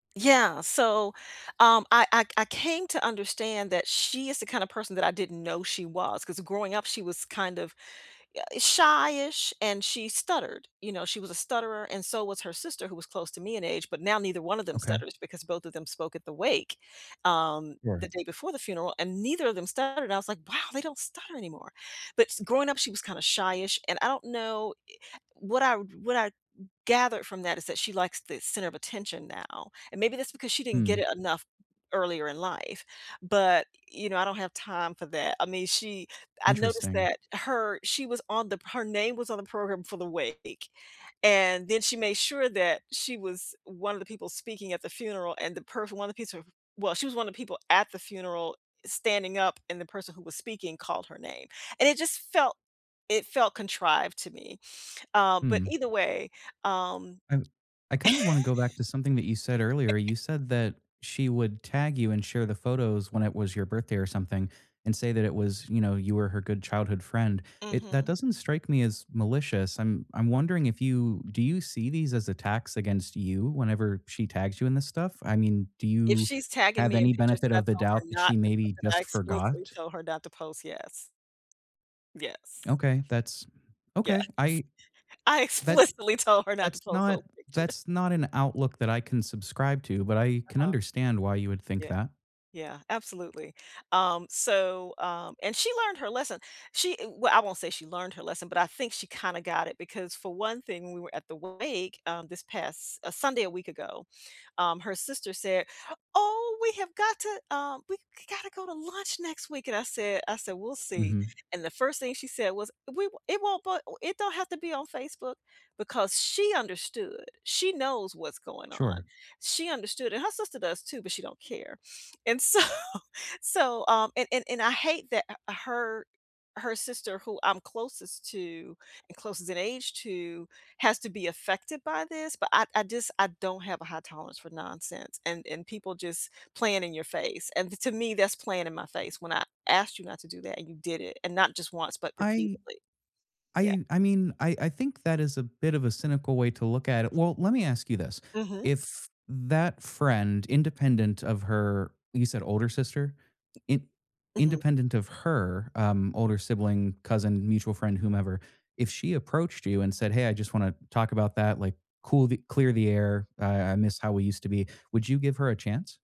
Yeah, so, um, I I I came to understand that she is the kinda person that I didn't know she was, 'cause growing up, she was kind of, eh, shy-ish and she stuttered, you know, she was a stutterer and so was her sister who was close to me in age, but now neither one of them Okay. stutters, because both of them spoke at the wake, um, Sure. the day before the funeral, and neither of them stuttered, I was, like, "Wow, they don't stutter anymore." But s growing up, she was kinda shy-ish. And I don't know e what I what I gathered from that, is that she likes the center of attention now, and maybe that's because she didn't get Hmm. it enough earlier in life, but, you know, I don't have time for that. I mean, she I've noticed Interesting. that her she was on the her name was on the program for the wake, and then she made sure that she was one of the people speaking at the funeral and the perf one of piece of well, she was one of people at the funeral standing up and the person who was speaking called her name. And it just felt, it felt contrived to me. Um, but Hmm. either way, um I w I kinda wanna go back to something that you said earlier, you said that she would tag you and share the photos when it was your birthday or something, and say that it was, you know, you were her good childhood friend. It that Mhm. doesn't strike me as malicious. I'm I'm wondering if you do you see these as attacks against you whenever she tags you in this stuff? I mean, do If you she's tagging have me in any pictures benefit that I of the told her doubt that not she to post maybe I just explicitly forgot? told her not to post, yes. Yes. Okay, that's Yes. okay. I I that explicitly told her not to that's post not those pictures. that's not an outlook that I can subscribe to, but I can Uh-huh. understand why you would think Yeah. that. Yeah, absolutely. Um, so, um, and she learned her lesson. She eh well, I won't say she learned her lesson, but I think she kinda got it, because for one thing, we were at the wake, um, this past, uh, Sunday a week ago, um, her sister said, "Oh, we have got to, um, we g gotta go to lunch next week." And I said I said, "We'll see." Mhm. And the first thing she said was, "We won't it won't, but it don't have to be on Facebook." Because she understood. She knows what's going on. Sure. She understood, and her sister does too, but she don't care. And so so, um, and and and I hate that h her her sister, who I'm closest to and closest in age to, has to be affected by this, but I I just I don't have a high tolerance for nonsense and and people just playing in your face, and to me, that's playing in my face when I asked you not to do that, and you did it, and not just once, but I repeatedly. Yeah. I I mean, I I think that is a bit of a cynical way to look at it. Well, let me ask you this. Mhm. If that friend, independent of her, you said older sister? M In Mhm. independent of her, um, older sibling, cousin, mutual friend, whomever, if she approached you and said, "Hey, I just wanna talk about that, like, cool the clear the air, uh, I I miss how we used to be." Would you give her a chance?